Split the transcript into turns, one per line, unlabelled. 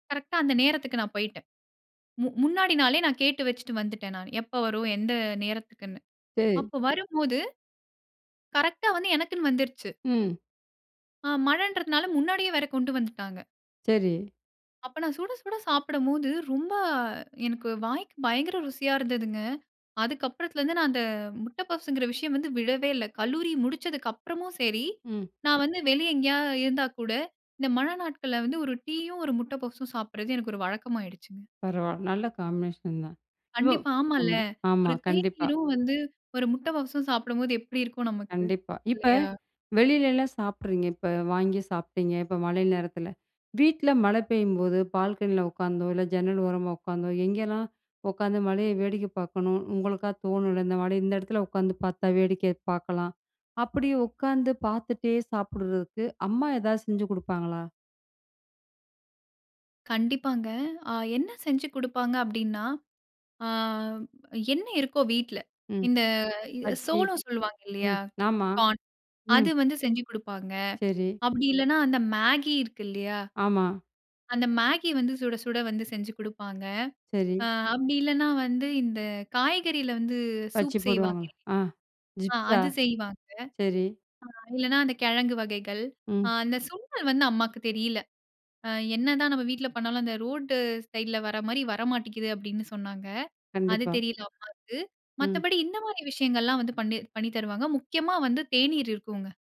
கரெக்டட அந்த நேரத்துக்கு நான் போய்யிட்டேன். மு முன்னாடி நாளே நான் கேட்டு வெச்சுட்டு வந்துவிட்டேன் நான், எப்போ வரும் எந்த நேரத்துக்குனு.
[unintelligible]
அப்போ வரும்போது, கரெக்டா வந்து எனக்குனு வந்துருச்சு.
ம்.
ஆ மழன்றதுனால முன்னாடியே வேற கொண்டு வந்துட்டாங்க.
சரி.
அப்போ நான் சுட சுட சாப்பிடும்போது ரொம்ப, எனக்கு வாய்க்கு பயங்கர ருசியா இருந்ததுங்க. அதுக்கப்புறத்துலருந்து நான் அந்த முட்ட பப்ஸ்ங்கிற விஷயம் வந்து விடவே இல்ல. கல்லூரி முடிச்சதுக்கு அப்புறமும் செரி,
ம்.
நான் வந்து வெளிய எங்கேயாவது இருந்தா கூட, இந்த மழ நாட்கள வந்து ஒரு டீயும் ஒரு முட்ட பப்ஸும் சாப்பிடறது எனக்கு ஒரு வழக்கமாகிடுச்சுக.
பரவால நல்ல காம்பினேஷன் தான், [unintelligible]
கண்டிப்பா, ஆமால்ல.
ஆமா ஆமா,
ஒரு
கண்டிப்பா.
தேநீரும் வந்து ஒரு முட்ட பப்ஸ்சும் சாப்பிடும்போது எப்டி இருக்கும் நமக்கு,
கண்டிப்பா, இப்ப
இல்லையா?
வெளிலலாம் சாப்ட்றீங்க, இப்ப வாங்கி சாப்டீங்க இப்ப மழை நேரத்தில. வீட்ல மழ பெய்யும்போது பால்கனியில உட்காந்தோ, இல்ல ஜன்னல் ஓரமா உட்காந்தோ எங்கேலாம் உட்காந்து மழைய வேடிக்க பாக்கணும் உங்களுக்கா தோணுல? இந்த மழை இந்த இடத்துல உட்காந்து பாத்தா வேடிக்க பாக்கலாம் அப்டி உட்காந்து பாத்துட்டே சாப்பிடுறதுக்கு அம்மா எதாவது செஞ்சு குடுப்பாங்களா?
கண்டிப்பாங்க. ஆ என்ன செஞ்சு குடுப்பாங்க அப்டினா, ஆ என்ன இருக்கோ வீட்ல
ம்,
இந்த
பச்சி,
சோலோ சொல்வாங்க இல்லையா,
ம், ஆமா,
கார்ன். அது
ம்.
வந்து செஞ்சு கொடுப்பாங்க.
சரி.
அப்டி இல்லன்னா அந்த மேகி இருக்கு இல்லையா?
ஆமா.
அந்த மேகி வந்து சுட சுட வந்து செஞ்சு குடுப்பாங்க.
சரி.
ஆ அப்டி இல்லன்னா வந்து, இந்த காய்கறில வந்து
பச்சி
சூப் செய்வாங்க,
போடுவாங்களா, ஆ
ஆ
ஜிப்ஸா
அது செய்வாங்க.
சரி.
ஆ இல்லனா அந்த கிழங்கு வகைகள்
ம்.
அந்த சுண்டல் வந்து அம்மாவுக்கு தெரியல. என்னதன் நம்ம வீட்ல பண்ணாலும் அந்த ரோட் சைடில வர மாரி வரமாட்ங்குது அப்டின்னு சொன்னாங்க. அது
கண்டிப்பா.
தெரியல அம்மாவுக்கு
ம்.
மத்தபடி இந்த மாரி விஷயங்கள்லாம் வந்து பண்ணி பண்ணி தருவாங்க முக்கியமா வந்து தேநீர் இருக்குங்க.